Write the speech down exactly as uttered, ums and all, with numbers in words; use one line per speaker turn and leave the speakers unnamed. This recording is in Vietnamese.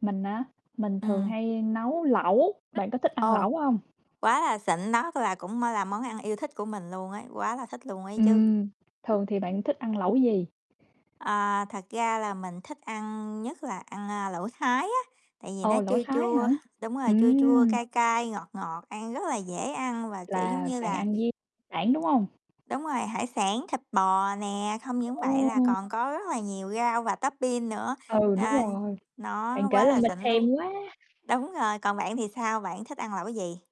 Mình á? Mình thường
Ừm.
hay nấu lẩu. Bạn có thích ăn
Ồ.
lẩu hông?
Quá là xịn, nó là cũng á là món ăn yêu thích của mình luôn ấy, quá là thích luôn ấy chứ.
Ừm. Thường thì bạn thích ăn lẩu gì?
À, thật ra là mình thích ăn nhất là ăn, a, lẩu thái á, tại vì nó
Ồ, lẩu
chua
thái hả?
chua, đúng rồi, chua chua,
Ừm!
cay cay, ngọt ngọt, ăn rất là dễ ăn và, kiểu, giống
Là
như
bạn
là
ăn với sản, đúng hông?
đúng rồi, hải sản, thịt bò nè, không những vậy là
Ồ!
còn có rất là nhiều rau và tốp bin nữa,
Ừ, đúng
a,
rồi.
nó
Bạn kể
quá
làm
là
mình
xịn
thèm
luôn.
quá!
Đúng rồi, còn bạn thì sao, bạn thích ăn lẩu gì?